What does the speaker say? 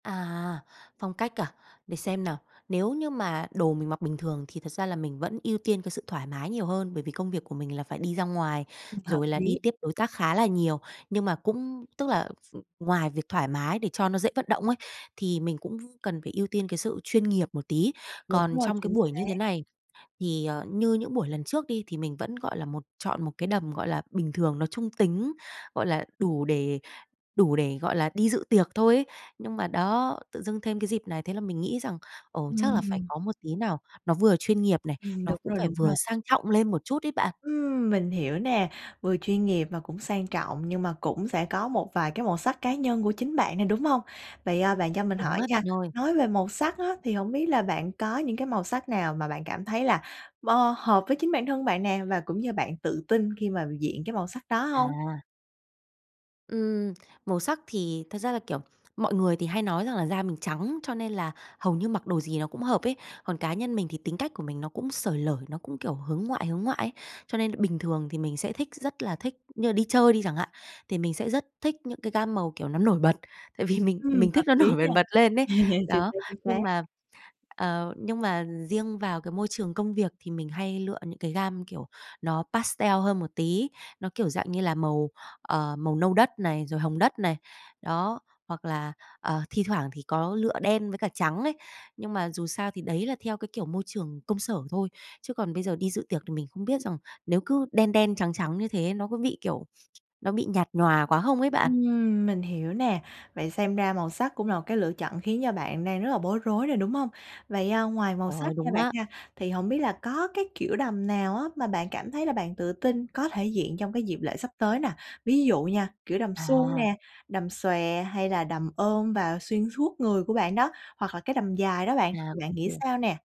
À, phong cách à? Để xem nào. Nếu như mà đồ mình mặc bình thường thì thật ra là mình vẫn ưu tiên cái sự thoải mái nhiều hơn, bởi vì công việc của mình là phải đi ra ngoài, Ừm. Hợp rồi là đi lý. tiếp đối tác khá là nhiều. Nhưng mà cũng tức là v ngoài việc thoải mái để cho nó dễ vận động ấy, thì mình cũng v cần phải ưu tiên cái sự chuyên nghiệp một tí. Đúng Còn rồi, trong cái chính buổi như xác. thế này thì, ờ, như những buổi lần trước đi thì mình vẫn, gọi là, một chọn một cái đầm, gọi là, bình thường, nó trung tính, gọi là, đủ để đủ để, gọi là, đi dự tiệc thôi ấy. Nhưng mà đó, tự dưng thêm cái dịp này, thế là mình nghĩ rằng, ồ, chắc là phải Ừm. có một tí nào, nó vừa chuyên nghiệp này, Ừm, nó đúng cũng rồi, phải đúng vừa rồi. sang trọng lên một chút ấy bạn. Ừm, mình hiểu nè, vừa chuyên nghiệp và cũng sang trọng, nhưng mà cũng sẽ có một vài cái màu sắc cá nhân của chính bạn nè, đúng hông? Vậy, ờ, bạn cho mình Đúng hỏi á bạn nha, ơi. nói về màu sắc á thì hổng biết là bạn có những cái màu sắc nào mà bạn cảm thấy là bơ hợp với chính bản thân bạn nè, và cũng như bạn tự tin khi mà diện cái màu sắc đó hông? À. Ừm. Màu sắc thì thật ra là, kiểu, mọi người thì hay nói rằng là da mình trắng, cho nên là hầu như mặc đồ gì nó cũng hợp ấy. Còn cá nhân mình thì tính cách của mình nó cũng xởi lởi, nó cũng, kiểu, hướng ngoại hướng ngoại ấy, cho nên bình thường thì mình sẽ thích, rất là thích như là đi chơi đi chẳng hạn, thì mình sẽ rất thích những cái gam màu, kiểu, nó nổi bật tại vì mình Ừm, mình hợp thích nó lý nổi ha. bần bật lên ấy. Chính Đó, xác, chính xác. nhưng mà, ờ, nhưng mà riêng vào cái môi trường công việc thì mình hay lựa những cái gam, kiểu, nó pastel hơn một tí, nó, kiểu dạng như là, màu, ờ, màu nâu đất này, rồi hồng đất này. Đó, hoặc là, ờ, thi thoảng thì có lựa đen với cả trắng ấy. Nhưng mà dù sao thì đấy là theo cái kiểu môi trường công sở thôi chứ còn bây giờ đi dự tiệc thì mình không biết rằng nếu cứ đen đen, trắng trắng như thế ấy, nó có bị, kiểu, nó bị nhạt nhòa quá không ấy bạn? Ừm. Mình hiểu nè, vậy xem ra màu sắc cũng là một cái lựa chọn khiến cho bạn đang rất là bối rối rồi, đúng hông? Vậy, à, ngoài màu Ồ, sắc nha đúng bạn á. ha, thì hổng biết là có cái kiểu đầm nào á mà bạn cảm thấy là bạn tự tin có thể diện trong cái dịp lễ sắp tới nè? Ví dụ nha, kiểu đầm suông À. nè, đầm xòe, hay là đầm ôm và xuyên suốt người của bạn đó, hoặc là cái đầm dài đó bạn, À, thì ô bạn nghĩ kê. sao nè?